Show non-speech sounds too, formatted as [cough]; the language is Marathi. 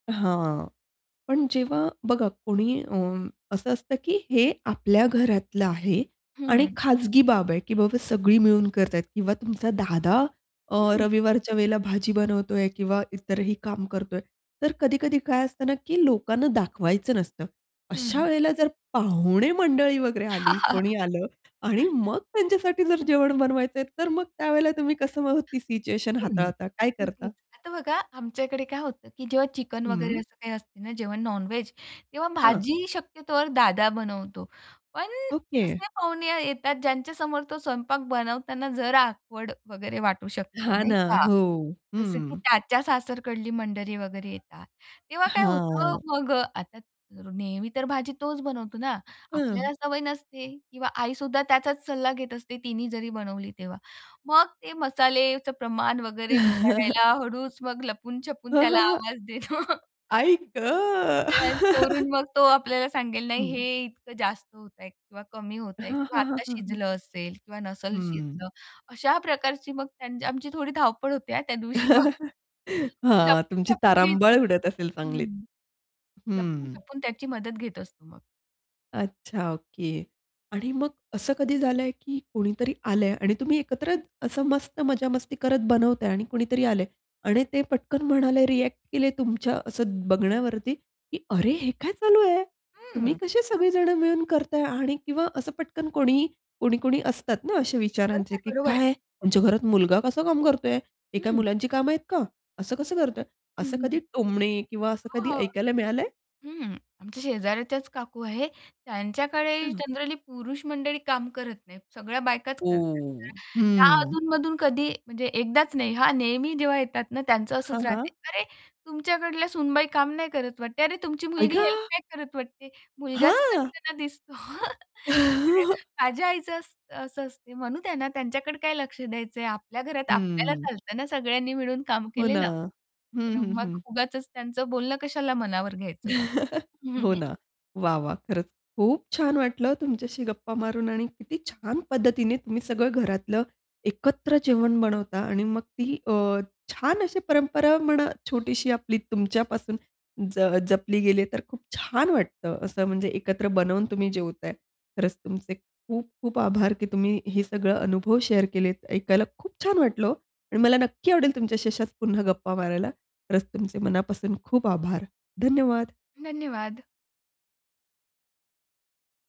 हां. पण जेव्हा बघा कोणी अ, असं असतं की हे आपल्या घरातलं आहे आणि हं. खाजगी बाब आहे, की बाबा सगळी मिळून करतायत किंवा तुमचा दादा अ, हं. रविवारच्या वेळेला भाजी बनवतोय किंवा इतरही काम करतोय, तर कधी-कधी काय असतं ना, की लोकांना दाखवायचं नसतं. अशा हं. वेळेला जर पाहुणे मंडळी वगैरे आली, कोणी [chuckles] आलं आणि मग त्यांच्यासाठी जर जेवण बनवायचंय, तर मग त्यावेळेला तुम्ही कसं मग ती सिच्युएशन हं, हाताळता, काय करता? नक्कीच. आता बघा आमच्याकडे काय होतं, की जेव्हा चिकन वगैरे हं. असं काही असते ना जेव्हा नॉन व्हेज तेव्हा हां. भाजी शक्यतोवर दादा बनवतो, पण ओके. असे पाहुणे येतात, ज्यांच्यासमोर तो स्वयंपाक बनवताना जरा ऑकवर्ड वगैरे वाटू शकतं, हां नाही ना, का. हो, जसं की हं. त्याच्या सासरकडली मंडळी वगैरे येतात तेव्हा, काय होतं, हां. मग अ, आता नेहमी तर भाजी तोच बनवतो ना, हं. आपल्याला सवय नसते. किंवा आईसुद्धा त्याचाच सल्ला घेत असते तिनी जरी बनवली तेव्हा. मग ते मसालेच प्रमाण वगैरे विचारायला [chuckles] हळूच मग लपून-छपून हं, हं, त्याला हं. आवाज देतो. [unintelligible] आई गं! चोरून [laughs] मग तो आपल्याला सांगेल, हं. "नाही, हे इतकं जास्त होतंय किंवा कमी होतंय हां, किंवा हां, हां, आता हां, हं. शिजलं असेल किंवा नसलं हं. शिजलं." अशा प्रकारची मग त्यांची आमची थोडी धावपळ होती हा त्या दिवशी मग. [chuckles] मग हां, तुमची लपून-छपून घेत तारांबळ उडत असेल असतो चांगलीच. हं, हं. लपून-छपून त्याची मदत घेत असतो मग. अच्छा, ओके. आणि मग असं कधी झालंय की कोणीतरी आलंय आणि तुम्ही एकत्र असं मस्त मजा मस्ती करत बनवताय आणि कुणीतरी आलंय आणि ते पटकन म्हणाले, रिएक्ट केले तुमच्या असं बघण्यावरती, की "अरे हे काय चालू आहे? तुम्ही हं. कसे सगळे जण मिळून करताय?" आणि किंवा असं पटकन कोणी कोणी-कोणी असतात ना अशा विचारांचे, बरोबर, की बरोबर. "काय यांच्या घरात मुलगा कसं काम करतोय? हे काय हं. मुलांची कामं आहेत का? असं कसं करतोय?" हं, असं हं. कधी टोमणे किंवा असं कधी हो, हो, ऐकायला मिळालंय? हं. आमच्या शेजाऱ्याच्याच काकू आहे त्यांच्याकडे अच्छा. जनरली पुरुष मंडळी काम करत नाहीत सगळ्या बायकाच करतात तर, ओह! त्या हं. अधूनमधून कधी म्हणजे एकदाच नाही हा, नेहमी जेव्हा येतात ना त्यांचं हां, असंच राहते, हां. "अरे! तुमच्याकडल्या सुनबाई काम नाही करत वाटते? अरे तुमची आई मुलगी हेल्प गं! नाही करत वाटते. मुलगाच हां. करताना" "दिसतो." [chuckles] [unintelligible] [laughs] माझ्या आईचं असं असं असते म्हणू त्यांना त्यांच्याकडे काय लक्ष द्यायचंय आपल्या घरात आपल्याला हं. चालत ना सगळ्यांनी मिळून काम हो ना. केलेलं. हं, तर हं, मग हं. उगाचच त्यांचं बोलणं कशाला मनावर घ्यायचं बा. [chuckles] हं, हो हं. ना. वाह! वाह! खरंच खूप छान वाटलं तुमच्याशी गप्पा मारून आणि किती छान पद्धतीने तुम्ही सगळं घरातलं एकत्र जेवण बनवता आणि मग ती अ, छान अशी परंपरा म्हणा छोटीशी आपली तुमच्यापासून ज जपली गेली तर खूप छान वाटतं असं म्हणजे एकत्र बनवून तुम्ही जेवताय. खरंच तुमचे खूप-खूप आभार, की तुम्ही हे सगळं अनुभव शेअर केलेत. ऐकायला खूप छान वाटलं. ओ. आणि मला नक्की आवडेल तुमच्याशी अशाच पुन्हा गप्पा मारायला. खरंच तुमचे मनापासून खूप आभार. धन्यवाद. धन्यवाद.